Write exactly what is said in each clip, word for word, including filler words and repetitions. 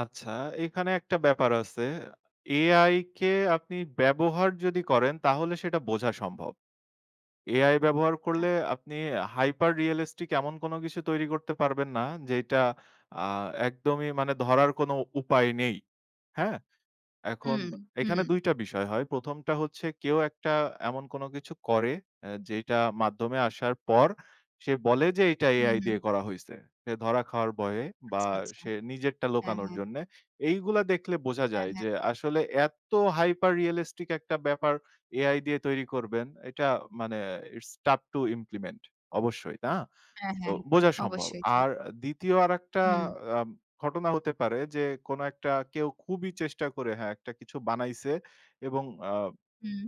আচ্ছা, এখানে একটা ব্যাপার আছে। AI কে আপনি ব্যবহার যদি করেন, তাহলে সেটা বোঝা সম্ভব। AI ব্যবহার আ। করলে, আপনি হাইপার রিয়ালিস্টিক এমন কোন কিছু তৈরি করতে পারবেন না, যেটা আ একদমই মানে ধরার কোনো উপায় নেই। হ্যাঁ? এখন হুম, হুম। এখানে দুই টা বিষয় হয়। হয় প্রথম টা হচ্ছে, কেউ একটা এমন কোন কিছু করে, আ যেটা মাধ্যমে আসার পর সে বলে যে, "এটা AI উহুম। দিয়ে করা হইছে।" সে ধরা খাওয়ার ভয়ে বা আচ্ছা, আচ্ছা। সে নিজেরটা হ্যাঁ, লুকানোর হ্যাঁ। জন্যে। এইগুলা দেখলে বোঝা হ্যাঁ, যায় হ্যাঁ। যে, আসলে এত হাইপার রিয়ালিস্টিক একটা ব্যাপার, AI দিয়ে তৈরি করবেন। এটা মানে ইটস টাফ টু ইমপ্লিমেন্ট অবশ্যই, না? হ্যাঁ, তো, হ্যাঁ, হ্যাঁ। বোঝা সম্ভব। অবশ্যই, জি। আর দ্বিতীয় আরেকটা হুম। আম ঘটনা হতে পারে যে, কোনো একটা কেউ খুবই চেষ্টা করে, হ্যাঁ, একটা কিছু বানাইছে এবং আ হুম।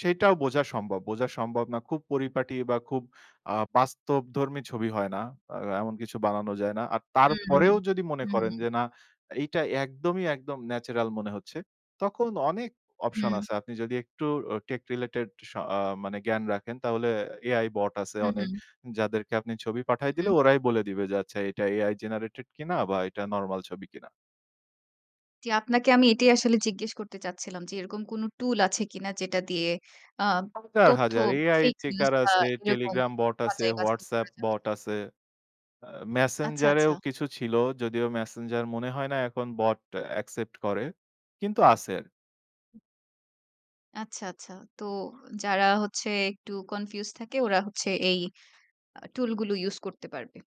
সেটাও বোঝা সম্ভব। বোঝা সম্ভব না, খুব পরিপাটি বা খুব আ বাস্তবধর্মী ছবি হয় না। আ এমন কিছু বানানো যায় না। আর উহুম, তারপরেও যদি মনে করেন উহুম। যে, "না, এইটা একদমই একদম, ন্যাচারাল মনে হচ্ছে," তখন অনেক অপশন হুম। আছে। আপনি যদি একটু ও টেক রিলেটেড স মানে জ্ঞান রাখেন, তাহলে AI বট আছে হুম, অনেক, হুম। যাদেরকে আপনি ছবি পাঠাই দিলে, হুম। ওরাই বলে দিবে যে, আচ্ছা, এটা AI জেনারেটেড কিনা বা এটা নরমাল ছবি কিনা? জি, আপনাকে আমি এটাই আসলে জিজ্ঞেস করতে চাচ্ছিলাম যে, এরকম কোন টুল আছে কিনা? যেটা দিয়ে আ হাজার, তথ্য, হাজার, AI ফেক নিউজ চেকার বা আছে। এরকম Telegram বট আছে, বাছাই, বাছাই WhatsApp করা যাবে কিনা? বট আছে। আ আচ্ছা, Messenger এও আচ্ছা। কিছু ছিল। যদিও Messenger মনে হয় না এখন বট অ্যাকসেপ্ট করে। কিন্তু আছে। আচ্ছা, আচ্ছা। তো, যারা হচ্ছে একটু কনফিউজ থাকে, ওরা হচ্ছে এই আ টুলগুলো ইউজ করতে পারবে।